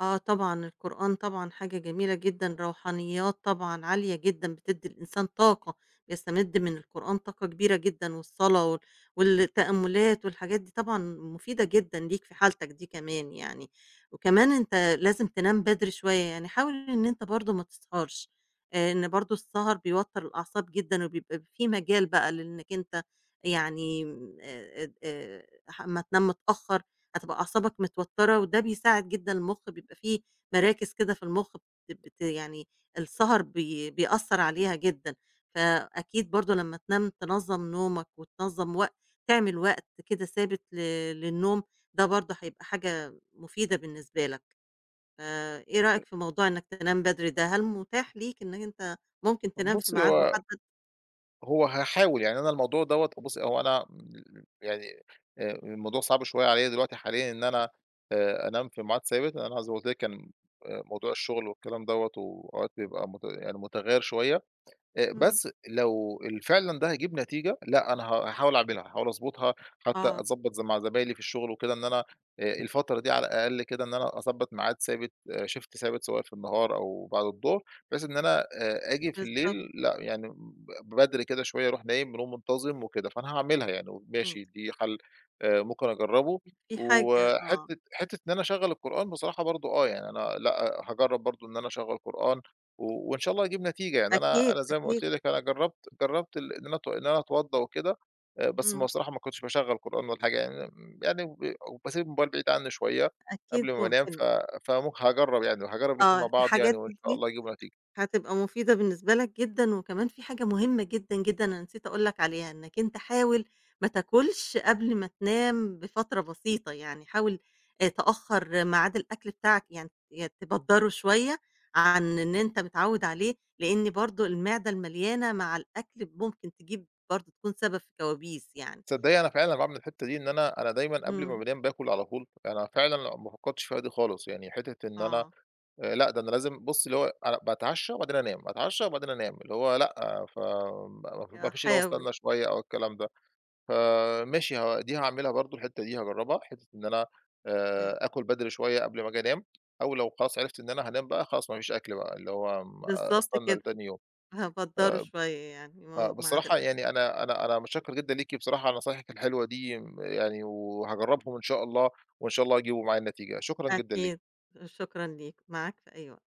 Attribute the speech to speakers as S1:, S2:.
S1: آه طبعًا. القرآن طبعًا حاجة جميلة جدًا روحانيّات طبعًا عالية جدًا بتدّي الإنسان طاقة يستمد من القرآن طاقة كبيرة جدًا والصلاة وال والتأمُّلات والحاجات دي طبعًا مفيدة جدًا ليك في حالتك دي كمان يعني، وكمان أنت لازم تنام بدري شوية، يعني حاول إن أنت برضه ما تسهرش. آآ إن برضه السَهَر بيوتّر الأعصاب جدًا، وبيبقى في مجال بقى لإنّك أنت يعني م آآ اد آآ أح أمّا تنام متأخّر هتبقى أعصابك متوتّرة وده بيساعد جدًا المُخ بيبقى في مراكِز كده في المُخ بتب ت يعني السَهَر بي بيأثّر عليها جدًا، فأكيد برضه لمّا تنام تنظّم نومك وتنظّم وق تعمل وقت كده ثابت ل للنوم، ده برضه هيبقى حاجة مفيدة بالنسبة لك. فإيه
S2: أ
S1: رأيك في موضوع إنّك تنام بدري ده، هل متاح ليك إنّك أنت ممكن
S2: طَب
S1: تنام في
S2: بُصّي،
S1: ميعاد
S2: هو
S1: مُحدّد؟
S2: هو هاحاول. يعني أنا الموضوع دَوّة بُصّي، هو أنا م يعني آآ الموضوع صعب شوية عليّا دلوقتي حاليًا إن أنا آآ أنام في معاد ثابت لإن أنا زي ما قُلت لِك كان آآ موضوع الشُغل والكلام دوّة، وأوقات بيبقى مت يعني متغيّر شوية. آآ
S1: إمم.
S2: بس لو ال فعلًا ده هيجيب نتيجة، لأ أنا ه هاحاول أعملها هاحاول أضبُطها حتّى
S1: آه.
S2: أضبّط ز مع زمايلي في الشُغل وكده إن أنا آآ الفترة دي على الأقل كده إن أنا أضبّط معاد ثابت آآ Shift ثابت سواء في النهار أو بعد الضهر، بحيث إن أنا آآ آجي في الليل
S1: بالضبط.
S2: لأ يعني م ب بدري كده شوية أروح نايم ونوم منتظم وكده، فأنا هاعملها يعني
S1: إمم.
S2: وماشي دي حَل آآ ممكن أجرّبه
S1: في حاجة آه.
S2: وحتّة حتّة إن أنا أشغّل القرآن بصراحة برضه آه، يعني أنا لأ أ هاجرّب برضه إن أنا أشغّل قرآن و وإن شاء الله هيجيب نتيجة. يعني أنا
S1: أكيد،
S2: أنا زي ما قُلت
S1: أكيد.
S2: لِك أنا جرّبت جرّبت ال إن أنا اتو إن أنا اتوضّى وكده، آآ بس ما
S1: إمم.
S2: بصراحة ما كنتش باشغّل قرآن ولا حاجة يعني م يعني وب وباسيب الموبايل بعيد عنّي شوية
S1: أكيد
S2: قبل ما بانام، ف
S1: ممكن.
S2: فم هاجرّب يعني وهاجرّب الإتنين مع
S1: آه.
S2: بعض
S1: الحاجات
S2: يعني وإن
S1: د
S2: شاء
S1: دي
S2: الله يجيبوا نتيجة.
S1: هتبقى مفيدة بالنسبة لك جدًا وكمان في حاجة مهمة جدًا، جدًا أنا نسيت أقول لك عليها، إنّك أنت حاول ما تاكُلش قبل ما تنام بفترة بسيطة، يعني حاول آآ تأخَّر ميعاد الأكل بتاعك، يعني يا تبدَّره شوية عن إن أنت متعوِّد عليه، لإن برضه المعدة المليانة مع الأكل ممكن تجيب برضه تكون سبب في كوابيس يعني.
S2: تصدّقي أنا فعلًا أنا باعمل الحتّة دي إن أنا أنا دايمًا قبل ما
S1: إمم.
S2: بانام باكُل على طول. أنا فعلًا لأ ما فكّرتش فيها دي خالص، يعني حتّة إن أنا
S1: آه.
S2: آآ لأ ده أنا لازم بُصّي اللي هو أنا باتعشّى وبعدين أنام، اتعشّى وبعدين أنام. اللي هو لأ، ف ما ما
S1: ي
S2: ما
S1: آه
S2: فيش اللي هو
S1: حاول.
S2: استنّى شوية أو الكلام ده. فماشي ها دي هاعملها برضه الحتّة دي هاجرّبها، حتّة إن أنا
S1: إمم.
S2: آآ آكُل بدري شوية قبل ما آجي أنام أو لو خلاص عرفت إن أنا هانام بقى، خلاص ما فيش آكُل بقى، اللي هو ما
S1: بالضبط
S2: أستنى
S1: كده.
S2: لتاني يوم.
S1: هابدَّره
S2: آآ ب
S1: شوية يعني
S2: آه.
S1: مو معاد
S2: بصراحة
S1: الأكل.
S2: يعني أنا أنا أنا مُتشكّر جدًا ليكِ بصراحة على نصايحِك الحلوة دي م يعني وهاجرّبهم إن شاء الله وإن شاء الله هيجيبوا معايا النتيجة، شكرًا جدًا ليكِ.
S1: أكيد، شكرًا ليك، معاك في أي وقت.